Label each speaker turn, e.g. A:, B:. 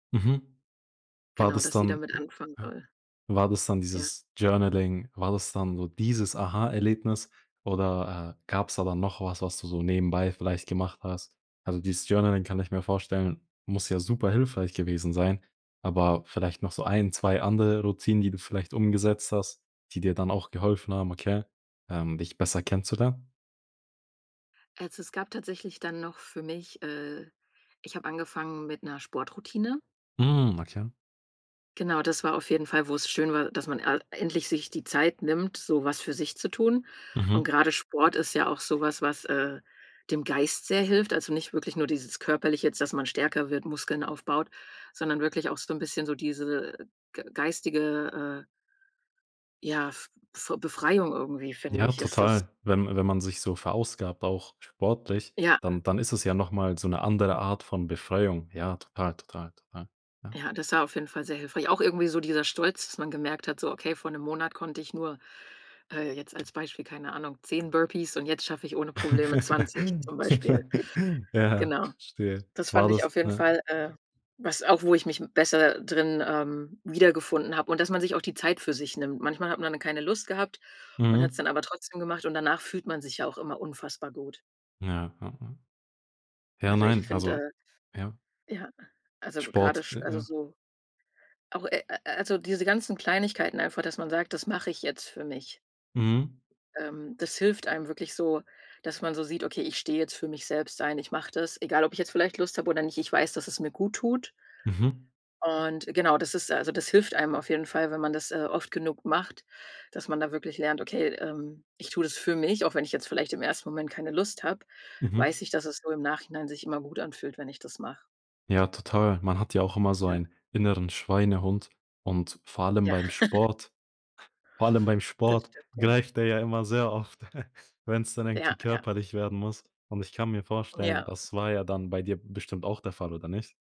A: Mhm. War
B: Genau,
A: das
B: dass sie
A: dann
B: damit
A: m
B: anfangen
A: ja.
B: soll.
A: War das dann
B: Ja.
A: dieses Journaling? War das dann so dieses Aha-Erlebnis oder, äh, gab's da dann noch was, was du so nebenbei vielleicht gemacht hast? Also, dieses Journaling, kann ich mir vorstellen, muss ja super hilfreich gewesen sein, aber vielleicht noch so 1, 2 andere Routinen, die du vielleicht umgesetzt hast, die dir dann auch geholfen haben, okay, ähm, dich besser kennenzulernen?
B: Also, es gab tatsächlich dann noch für mich, äh ich habe angefangen mit 'ner Sportroutine.
A: Hm, okay.
B: Genau, das war auf jeden Fall, wo es schön war, dass man a endlich sich die Zeit nimmt, so was für sich zu tun. Und
A: Mhm.
B: grade Sport ist ja auch so was, was, äh, dem Geist sehr hilft, also nicht wirklich nur dieses Körperliche jetzt, dass man stärker wird, Muskeln aufbaut, sondern wirklich auch so 'n bisschen so diese ge geistige, äh ja, f f Befreiung irgendwie, finde
A: Ja,
B: ich, ist das.
A: total. Wenn wenn man sich so verausgabt, auch sportlich,
B: Ja.
A: dann dann ist es ja noch mal so 'ne andere Art von Befreiung. Ja, total, total, total. Ja.
B: Ja, das war auf jeden Fall sehr hilfreich. Auch irgendwie so dieser Stolz, dass man gemerkt hat, so: „Okay, vor 'nem Monat konnte ich nur, äh, jetzt als Beispiel, keine Ahnung, 10 Burpees, und jetzt schaffe ich ohne Probleme 20,“ zum Beispiel.
A: Ja
B: Genau,
A: verstehe.
B: das fand
A: War
B: ich
A: das
B: auf jeden
A: ja.
B: Fall, äh, was auch wo ich mich m besser drin, ähm, wiedergefunden habe, und dass man sich auch die Zeit für sich nimmt. Manchmal hat man dann keine Lust gehabt und hat's
A: Mhm.
B: dann aber trotzdem gemacht, und danach fühlt man sich ja auch immer unfassbar gut.
A: Ja, ja, ja. Ja,
B: Also, ich
A: nein also
B: finde,
A: ja.
B: äh ja, also grade
A: Sport,
B: sch
A: j
B: also
A: ja.
B: so auch, äh äh also diese ganzen Kleinigkeiten einfach, dass man sagt: „Das mache ich jetzt für mich.“
A: Mhm.
B: Ähm, das hilft einem wirklich so, dass man so sieht: „Okay, ich stehe jetzt für mich selbst ein, ich mache das, egal ob ich jetzt vielleicht Lust habe oder nicht, ich weiß, dass es mir gut tut.“
A: Mhm.
B: Und genau, das ist also das hilft einem auf jeden Fall, wenn man das, äh, oft genug macht, dass man da wirklich lernt, okay, ähm: „Ich tue das für mich, auch wenn ich jetzt vielleicht im 1. Moment keine Lust habe,
A: Mhm.
B: weiß ich, dass es so im Nachhinein sich immer gut anfühlt, wenn ich das mache.“
A: Ja, total. Man hat ja auch immer so
B: Ja.
A: ein inneren Schweinehund und vor allem
B: Ja.
A: beim Sport vor allem beim
B: Das
A: Sport
B: stimmt, ja.
A: greift er ja immer sehr oft, wenn's dann
B: Ja,
A: irgendwie
B: ja.
A: körperlich werden muss. Und ich kann mir vorstellen,
B: Ja.
A: das war ja dann bei dir bestimmt auch der Fall, oder nicht?